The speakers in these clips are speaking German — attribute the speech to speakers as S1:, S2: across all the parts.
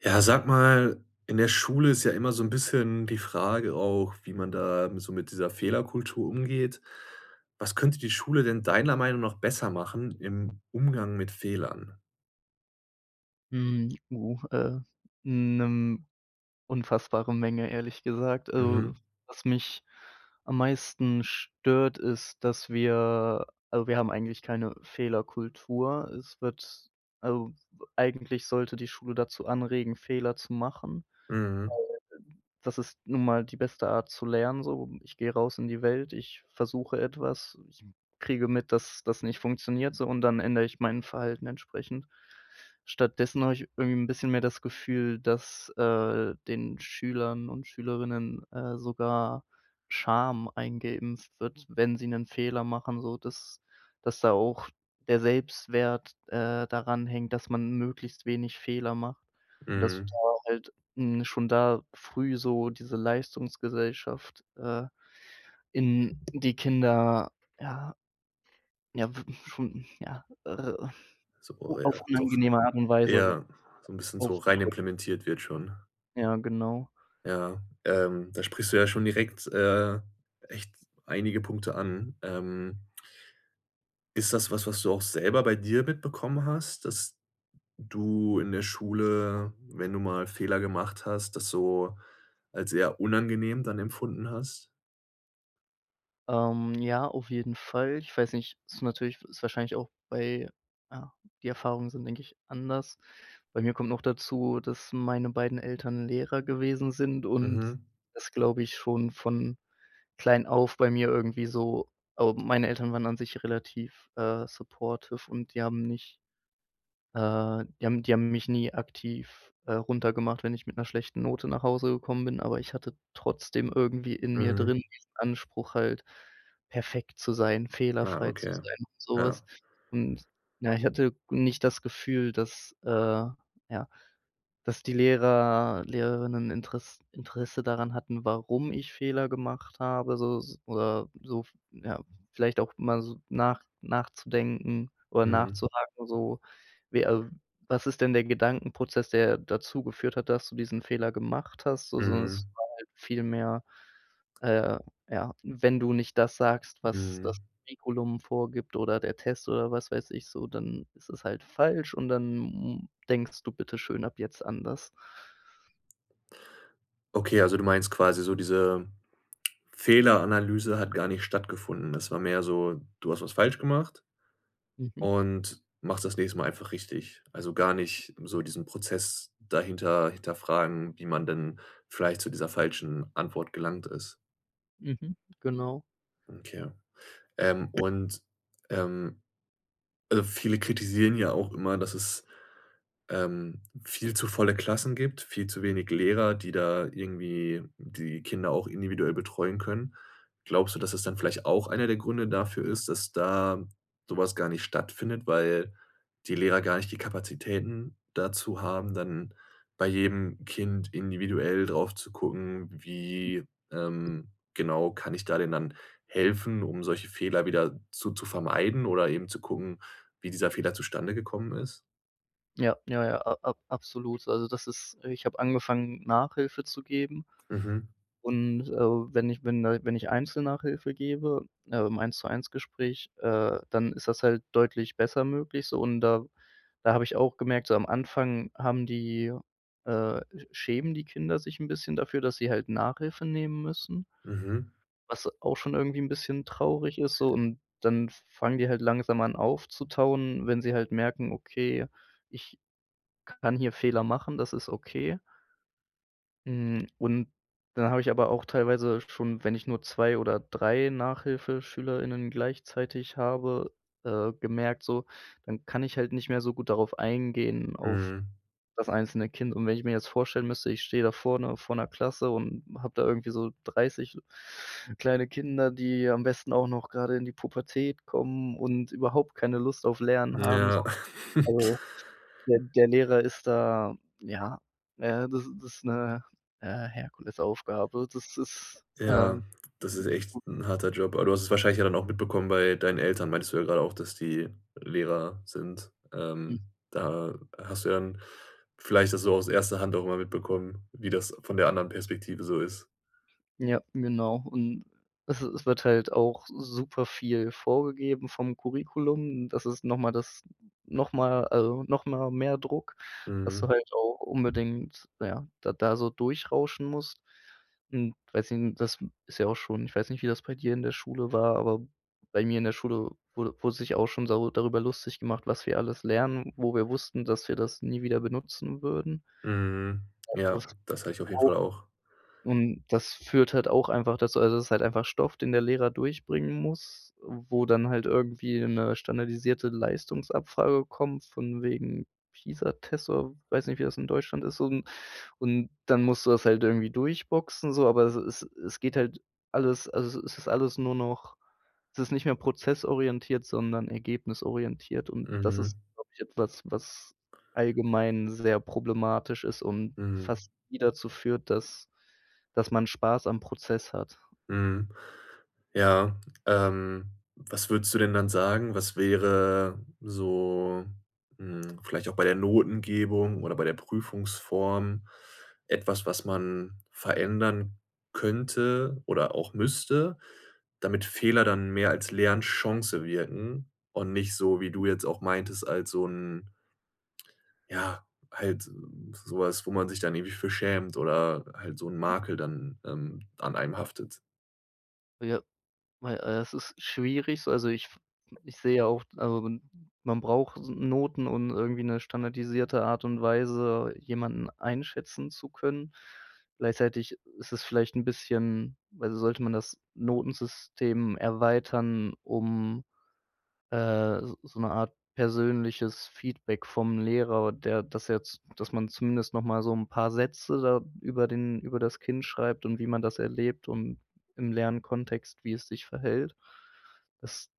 S1: Ja, sag mal, in der Schule ist ja immer so 'n bisschen die Frage auch, wie man da so mit dieser Fehlerkultur umgeht. Was könnte die Schule denn deiner Meinung noch besser machen im Umgang mit Fehlern?
S2: Mhm, oh, äh, mhm, 'ne unfassbare Menge, ehrlich gesagt. Also
S1: Mhm.
S2: was mich am meisten stört, ist, dass wir also wir haben eigentlich keine Fehlerkultur. Es wird also eigentlich sollte die Schule dazu anregen, Fehler zu machen.
S1: Mhm.
S2: [unintelligible] Das ist nun mal die beste Art zu lernen so. Ich gehe raus in die Welt, ich versuche etwas, ich kriege mit, dass das nicht funktioniert so, und dann ändere ich mein Verhalten entsprechend. Stattdessen habe ich irgendwie 'n bisschen mehr das Gefühl, dass, äh, den Schülern und Schülerinnen, äh, sogar Scham eingeeimpft wird, wenn sie 'nen Fehler machen, sodass dass da auch der Selbstwert, äh, daran hängt, dass man möglichst wenig Fehler macht. Und das
S1: Mhm.
S2: war halt, hm, schon da früh so diese Leistungsgesellschaft, äh, in die Kinder, ja, ja w schon, ja, äh,
S1: So,
S2: o auf
S1: ja, doch,
S2: angenehme Art und Weise
S1: ja so 'n bisschen so rein
S2: aufgedrückt.
S1: implementiert wird schon.
S2: Ja, genau.
S1: Ja, ähm, da sprichst du ja schon direkt, äh, echt einige Punkte an. Ähm Ist das was, was du auch selber bei dir mitbekommen hast, dass d du in der Schule, wenn du mal Fehler gemacht hast, das so als eher unangenehm dann empfunden hast?
S2: Ähm, ja, auf jeden Fall. Ich weiß nicht, ist natürlich ist wahrscheinlich auch bei ja, die Erfahrungen sind, denke ich, anders. Bei mir kommt noch dazu, dass meine beiden Eltern Lehrer gewesen sind, und
S1: Mhm.
S2: das glaube ich schon von klein auf bei mir irgendwie so ähm, meine Eltern waren an sich relativ, äh, supportive und die haben nicht, äh, die haben die haben mich nie aktiv, äh, runtergemacht, wenn ich mit 'ner schlechten Note nach Hause gekommen bin, aber ich hatte trotzdem irgendwie in mir
S1: Mhm.
S2: drin den Anspruch halt perfekt zu sein,
S1: Ah,
S2: fehlerfrei zu
S1: okay.
S2: sein und so was.
S1: Ja.
S2: Und na, ich hatte g nicht das Gefühl, dass, äh, ja, dass die Lehrer, Lehrerinnen Interess Interesse daran hatten, warum ich Fehler gemacht habe, so s oder so, ja, vielleicht auch mal so nach nachzudenken oder
S1: Mhm.
S2: nachzuhaken so, wie al „Was ist denn der Gedankenprozess, der dazu geführt hat, dass du diesen Fehler gemacht hast?“ so, sondern das
S1: Mhm.
S2: war halt viel mehr, äh, ja, wenn du nicht das sagst, was das
S1: Mhm.
S2: Curriculum vorgibt oder der Test oder was weiß ich so, dann ist es halt falsch und dann m denkst du bitte schön ab jetzt anders.
S1: Okay, also du meinst quasi so diese Fehleranalyse hat gar nicht stattgefunden. Das war mehr so, du hast was falsch gemacht
S2: Mhm.
S1: und machst das nächste Mal einfach richtig. Also gar nicht so diesen Prozess dahinter hinterfragen, wie man denn vielleicht zu dieser falschen Antwort gelangt ist?
S2: Mhm, genau.
S1: Okay. Ähm, und, ähm, also viele kritisieren ja auch immer, dass es, ähm, viel zu volle Klassen gibt, viel zu wenig Lehrer, die da irgendwie die Kinder auch individuell betreuen können. Glaubst du, dass das dann vielleicht auch einer der Gründe dafür ist, dass da so was gar nicht stattfindet, weil die Lehrer gar nicht die Kapazitäten dazu haben, dann bei jedem Kind individuell drauf zu gucken, wie, ähm, genau kann ich da denn dann helfen, um solche Fehler wieder zu zu vermeiden oder eben zu gucken, wie dieser Fehler zustande gekommen ist?
S2: Ja, ja, ja, a ab absolut. Also das ist ich habe angefangen Nachhilfe zu geben,
S1: Mhm.
S2: und, äh, wenn ich wenn da wenn ich Einzel-Nachhilfe gebe, äh, im 1 zu 1 Gespräch, äh, dann ist das halt deutlich besser möglich so, und da da habe ich auch gemerkt, so am Anfang haben die, äh, sch schämen die Kinder sich 'n bisschen dafür, dass sie halt Nachhilfe nehmen müssen
S1: Mhm.
S2: was auch schon irgendwie 'n bisschen traurig ist so, und, dann f fangen die halt langsam an aufzutauen, wenn sie halt merken: „Okay, ich kann hier Fehler machen, das ist okay“. Hm, und da habe ich aber auch teilweise schon, wenn ich nur 2 oder 3 Nachhilfeschüler:innen gleichzeitig habe, äh, gemerkt so, dann kann ich halt nicht mehr so gut darauf eingehen, auf
S1: Mhm.
S2: das einzelne Kind und wenn ich mir jetzt vorstellen müsste, ich stehe da vorne vor 'ner Klasse und habe da irgendwie so 30 kleine Kinder, die am besten auch noch gerade in die Pubertät kommen und überhaupt keine Lust auf Lernen haben so
S1: Ja.
S2: [unintelligible] der der Lehrer ist da ja, äh, das das ist 'ne, äh, Herkulesaufgabe. Das ist, äh,.
S1: Ja, das ist echt
S2: [unintelligible]
S1: 'n harter Job, aber du hast es wahrscheinlich ja dann auch mitbekommen bei deinen Eltern meintest du ja grade auch, dass die Lehrer sind.
S2: Hm.
S1: Ähm, da hast du ja dann vielleicht das so aus erster Hand auch immer mitbekommen, wie das von der anderen Perspektive so ist.
S2: Ja, genau und es es wird halt auch super viel vorgegeben vom Curriculum. Das ist noch mal das noch mal also noch mal mehr Druck, dass du
S1: Mhm.
S2: halt auch unbedingt, na ja, da da so durchrauschen musst. Hm, weiß i das ist ja auch schon ich weiß nicht, wie das bei dir in der Schule war, aber bei mir in der Schule wurde wurde sich auch schon darü darüber lustig gemacht, was wir alles lernen, wo wir wussten, dass wir das nie wieder benutzen würden.
S1: Mhm, ja, das habe ich auf jeden
S2: [unintelligible]
S1: Fall auch.
S2: und das führt halt auch einfach dazu also, das ist halt einfach Stoff, den der Lehrer durchbringen muss, äh, wo dann halt irgendwie 'ne standardisierte Leistungsabfrage kommt von wegen, Pisa-Test oder weiß nicht, wie das in Deutschland ist un und dann musst du das halt irgendwie durchboxen so, aber es es es geht halt alles also es ist alles nur noch es ist nicht mehr prozessorientiert, sondern ergebnisorientiert und das
S1: Mhm.
S2: ist, glaube ich, etwas, was allgemein sehr problematisch ist und
S1: Mhm.
S2: fast nie dazu führt, dass dass man Spaß am Prozess hat.
S1: Mhm, ja, ähm, was würdest du denn dann sagen, was wäre so, hm, vielleicht auch bei der Notengebung oder bei der Prüfungsform etwas, was man verändern könnte oder auch müsste, damit Fehler dann mehr als Lernchance wirken und nicht so, wie du jetzt auch meintest, als so 'n ja, halt so was, wo man sich dann irgendwie für schämt oder halt so 'n
S2: [unintelligible]
S1: Makel dann, ähm, an einem haftet?
S2: Ja, weil, äh, es ist schwierig so. Also ich f ich sehe ja auch also man man braucht Noten, und irgendwie 'ne standardisierte Art und Weise jemanden einschätzen zu können. Gleichzeitig ist es vielleicht 'n bisschen also sollte man das Notensystem erweitern, um, äh, s so 'ne Art persönliches Feedback vom Lehrer, der das jetzt dass man zumindest noch mal so 'n paar Sätze da über den über das Kind schreibt und wie man das erlebt und im Lernkontext, wie es sich verhält. Das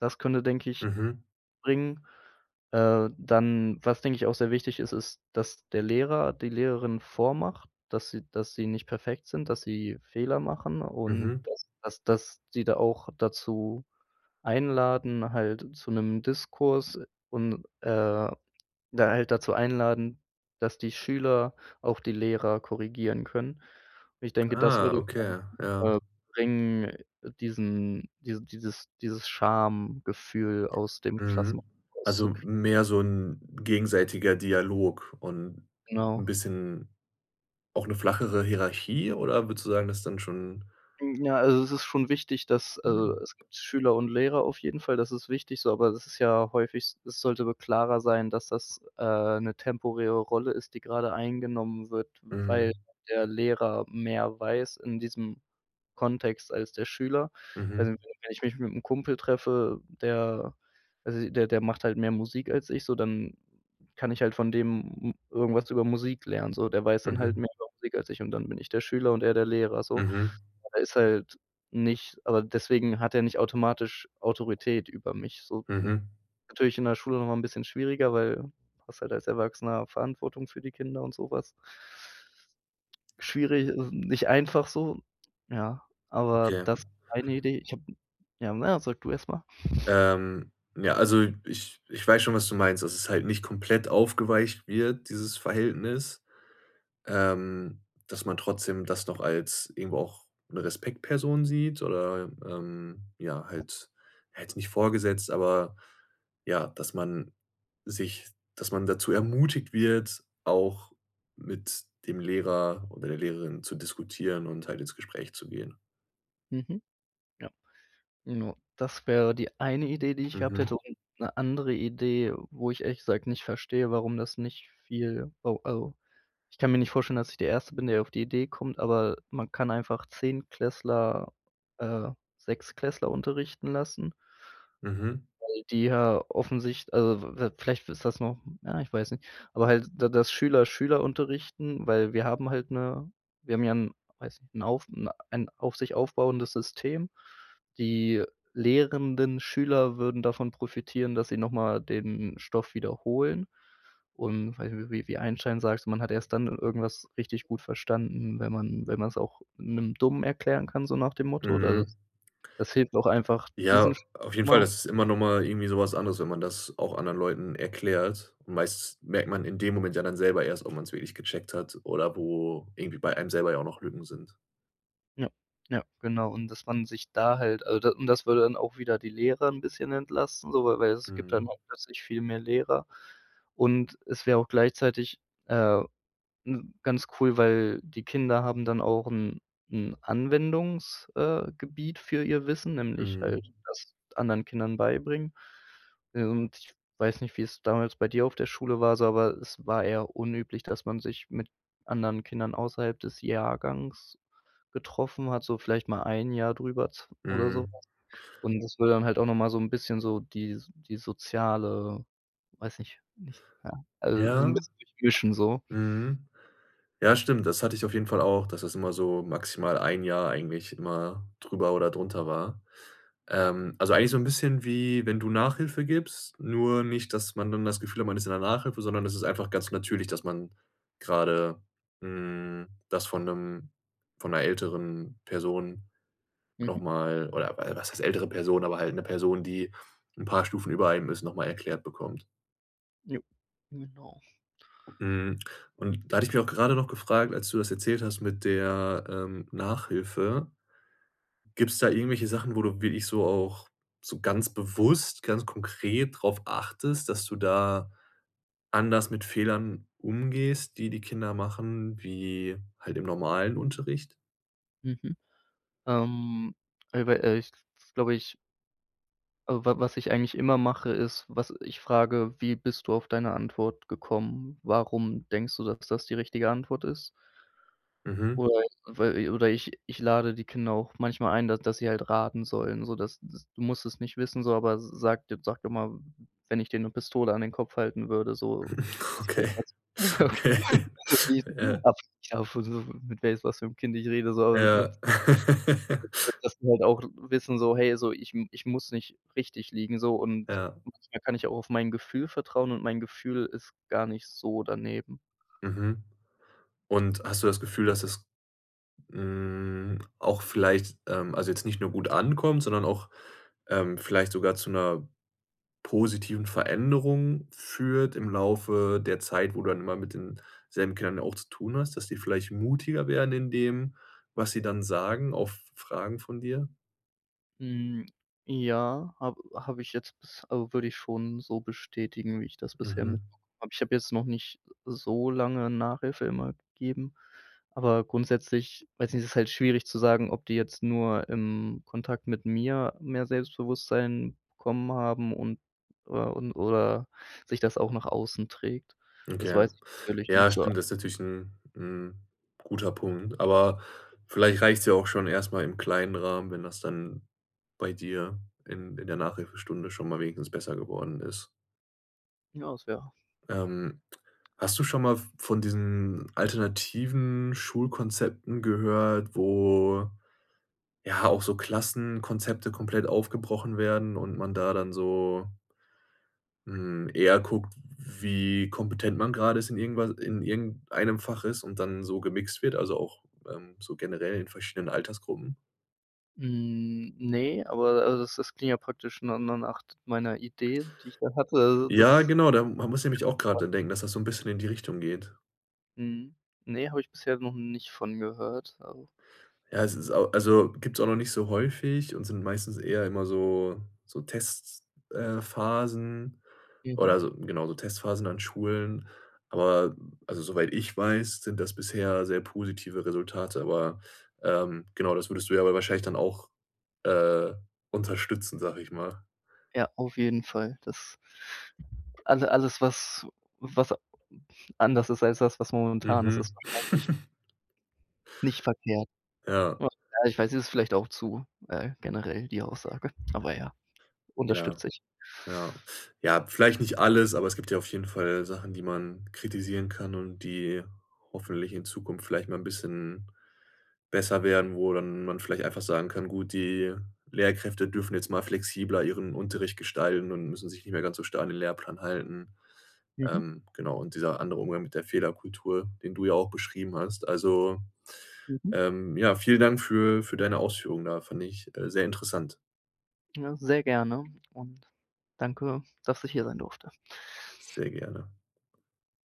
S2: das könnte, denke ich,
S1: Mhm.
S2: bringen. Äh, dann, was denke ich auch sehr wichtig ist, ist, dass der Lehrer, die Lehrerin vormacht, dass sie dass sie nicht perfekt sind, dass sie Fehler machen und
S1: Mhm.
S2: dass dass dass die da auch dazu einladen halt, zu 'nem Diskurs und, äh, da halt dazu einladen, dass die Schüler auch die Lehrer korrigieren können. Und ich denke, das
S1: Ah,
S2: würde,
S1: okay,
S2: [unintelligible]
S1: ja.
S2: äh, bringen, diesen dieses dieses dieses Schamgefühl aus dem Klassen
S1: Mhm,
S2: raus
S1: also
S2: zu krieg
S1: mehr so 'n gegenseitiger Dialog und
S2: Genau.
S1: 'n bisschen auch 'ne flachere Hierarchie oder würdest du sagen, dass dann schon
S2: Ja, also es ist schon wichtig, dass
S1: Mhm.
S2: also es gibt Schüler und Lehrer auf jeden Fall, das ist wichtig so, aber das ist ja häufig s das sollte wohl klarer sein, dass das, äh, 'ne temporäre Rolle ist, die gerade eingenommen wird, weil
S1: Mhm.
S2: der Lehrer mehr weiß in diesem Kontext als der Schüler.
S1: Mhm.
S2: Also wenn wenn ich mich mit 'm Kumpel treffe, der also, der der macht halt mehr Musik als ich so, dann kann ich halt von dem m irgendwas über Musik lernen so. Der weiß dann halt
S1: Mhm.
S2: mehr über Musik als ich und dann bin ich der Schüler und er der Lehrer so.
S1: Mhm.
S2: Er ist halt nicht aber deswegen hat er nicht automatisch Autorität über mich so.
S1: Mhm.
S2: Natürlich in der Schule noch mal 'n bisschen schwieriger, weil hast halt als Erwachsener Verantwortung für die Kinder und so was. Schwierig Es ist nicht einfach so, ja, aber
S1: Okay.
S2: das ist eine Idee. Ich habe ja na ja, sag du erst mal.
S1: Ähm, ja, also ich ich weiß schon, was du meinst, dass es halt nicht komplett aufgeweicht wird, dieses Verhältnis, ähm, dass man trotzdem das noch als irgendwo auch 'ne Respektsperson sieht oder ähm ja, halt ja, jetzt nicht vorgesetzt, aber ja, dass man sich dass man dazu ermutigt wird, auch mit dem Lehrer oder der Lehrerin zu diskutieren und halt ins Gespräch zu gehen.
S2: Mhm. Ja. Genau, das wäre die eine Idee, die ich gehabt
S1: Mhm.
S2: hätte und 'ne andere Idee, wo ich ehrlich gesagt nicht verstehe, warum das nicht viel wo also ich kann mir nicht vorstellen, dass ich der Erste bin, der auf die Idee kommt, aber man kann einfach Zehntklässler, äh, Sechstklässler unterrichten lassen.
S1: Mhm.
S2: Weil die ja offensich also v vielleicht ist das noch, ja, ich weiß nicht aber halt d das Schüler, Schüler unterrichten, weil wir haben halt 'ne wir haben ja 'n, weiß nicht, 'n auf 'n ein auf sich aufbauendes System. Die lehrenden Schüler würden davon profitieren, dass sie noch mal den Stoff wiederholen und weiß ich, wie wie Einstein sagte, man hat erst dann irgendwas richtig gut verstanden, wenn man wenn man's auch 'nem Dummen erklären kann, so nach dem Motto. Also
S1: Mhm.
S2: das das hilft auch einfach diesen.
S1: Ja, auf jeden Fall
S2: [unintelligible]
S1: ist es immer noch mal irgendwie so was anderes, wenn man das auch anderen Leuten erklärt. Meist merkt man in dem Moment ja dann selber erst, ob man's wirklich gecheckt hat oder wo irgendwie bei einem selber ja auch noch Lücken sind.
S2: Ja, ja, genau. Und das man sich da halt also das und das würde dann auch wieder die Lehrer 'n bisschen entlasten so, weil weil es gibt dann
S1: Mhm.
S2: auch plötzlich viel mehr Lehrer. Und es wäre auch gleichzeitig, äh, ne, ganz cool, weil die Kinder haben dann auch 'n 'n Anwendungs, äh, gebiet für ihr Wissen, nämlich halt
S1: Mhm.
S2: das anderen Kindern beibringen. Und ich weiß nicht, wie es damals bei dir auf der Schule war so aber es war eher unüblich, dass man sich mit anderen Kindern außerhalb des Jahrgangs getroffen hat, so vielleicht mal 1 Jahr drüber zw oder so
S1: Mhm.
S2: was. Und das wäre dann halt auch noch mal so 'n bisschen so die die soziale weiß nicht nicht, ja, also so 'n
S1: Ja.
S2: bisschen durchmischen so.
S1: Mhm. Ja, stimmt, das hatte ich auf jeden Fall auch, dass das immer so maximal 1 Jahr eigentlich immer drüber oder drunter war. Ähm, also eigentlich so 'n bisschen wie, wenn du Nachhilfe gibst, nur nicht, dass man dann das Gefühl hat, man ist in der Nachhilfe, sondern es ist einfach ganz natürlich, dass man gerade hm, das von 'nem von 'ner älteren Person noch
S2: Mhm.
S1: mal oder, äh was heißt ältere Person, aber halt 'ne Person, die 'n paar Stufen über einem ist, noch mal erklärt bekommt.
S2: Jo, genau.
S1: Mhm. Und da hatte ich mich auch gerade noch gefragt, als du das erzählt hast mit der, ähm, Nachhilfe gibt's da irgendwelche Sachen, wo du wirklich so auch so ganz bewusst, ganz konkret drauf achtest, dass du da anders mit Fehlern umgehst, die die Kinder machen, wie halt im normalen Unterricht?
S2: Mhm. Ähm, ey, weil ehrlich, das glaube ich Also wa was ich eigentlich immer mache, ist, was ich frage: „Wie bist du auf deine Antwort gekommen? Warum denkst du, dass das die richtige Antwort ist?“
S1: Mhm.
S2: Oder i weil oder ich ich lade die Kinder auch manchmal ein, da dass sie halt raten sollen, so dass dass: „Du musst es nicht wissen so, aber s s sage, jetzt sage doch mal, wenn ich dir 'ne Pistole an den Kopf halten würde so. [unintelligible]
S1: Okay. Ja.
S2: mit weiss mit was für 'm Kind ich rede so also nicht
S1: Ja.
S2: [unintelligible] Dass die halt auch wissen so: „Hey, so ich m ich muss nicht richtig liegen so und
S1: Ja.
S2: da kann ich auch auf mein Gefühl vertrauen und mein Gefühl ist gar nicht so daneben.“
S1: Mhm. Und, hast du das Gefühl, dass es, hm, auch vielleicht, ähm, also jetzt nicht nur gut ankommt, sondern auch, ähm, vielleicht sogar zu 'ner positiven Veränderung führt im Laufe der Zeit, wo du dann immer mit den selben Kindern ja auch zu tun hast, dass die vielleicht mutiger werden in dem, was sie dann sagen auf Fragen von dir?
S2: Hm, ja, habe habe ich jetzt bis, al würde ich schon so bestätigen, wie ich das bisher mitbe
S1: Mhm.
S2: habe. Aber ich habe jetzt noch nicht so lange Nachhilfe immer gegeben. Aber grundsätzlich weiß ich nicht, das ist halt schwierig zu sagen, ob die jetzt nur im Kontakt mit mir mehr Selbstbewusstsein bekommen haben und, äh und oder sich das auch nach außen trägt. Das
S1: Okay.
S2: weiß ich natürlich nicht
S1: Ja,
S2: so.
S1: stimmt, das ist natürlich 'n 'n guter Punkt, aber vielleicht reicht's ja auch schon erstmal im kleinen Rahmen, wenn das dann bei dir in in der Nachhilfestunde schon mal wenigstens besser geworden ist.
S2: Ja, das wär
S1: Ähm, hast du schon mal v von diesen alternativen Schulkonzepten gehört, wo, ja, auch so Klassenkonzepte komplett aufgebrochen werden und man da dann so hm, eher guckt, wie kompetent man grade ist in irgendwas in irgendeinem Fach ist, und dann so gemixt wird, also auch, ähm, so generell in verschiedenen Altersgruppen?
S2: Hm, ne, aber also das das klingt ja praktisch nur nur nach meiner Idee, die ich da hatte. Also
S1: Ja,
S2: das
S1: genau, da m da musste ich nämlich auch grad
S2: [unintelligible]
S1: dran denken, dass das so 'n bisschen in die Richtung geht.
S2: Mhm, ne, habe ich bisher noch nicht von gehört, also
S1: Ja, es ist au also, gibt's auch noch nicht so häufig und sind meistens eher immer so so Tests, äh, Phasen
S2: Mhm.
S1: oder so genau, so Testphasen an Schulen. Aber, also soweit ich weiß, sind das bisher sehr positive Resultate, aber, ähm genau, das würdest du ja aber wahrscheinlich dann auch, äh, unterstützen, sage ich mal.
S2: Ja, auf jeden Fall. Das Also alles war s was anders ist als das, was momentan ist,
S1: Mhm.
S2: ist wahrscheinlich nicht verkehrt.
S1: Ja.
S2: Ach, ja, ich weiß, es ist vielleicht auch zu, äh, generell die Aussage. Aber ja,
S1: Ja.
S2: unterstütze ich.
S1: Ja. Ja, vielleicht nicht alles, aber es gibt ja auf jeden Fall Sachen, die man kritisieren kann und die hoffentlich in Zukunft vielleicht mal 'n bisschen besser werden, wo dann man vielleicht einfach sagen kann, gut, die Lehrkräfte dürfen jetzt mal flexibler ihren Unterricht gestalten und müssen sich nicht mehr ganz so starr an den Lehrplan halten.
S2: Mhm.
S1: Ähm, genau, und dieser andere Umgang mit der Fehlerkultur, den du ja auch beschrieben hast. Also,
S2: Mhm.
S1: ähm, ja, vielen Dank für für deine Ausführung da. Fand ich, äh, sehr interessant.
S2: Ja, sehr gerne und danke, dass ich hier sein durfte.
S1: Sehr gerne.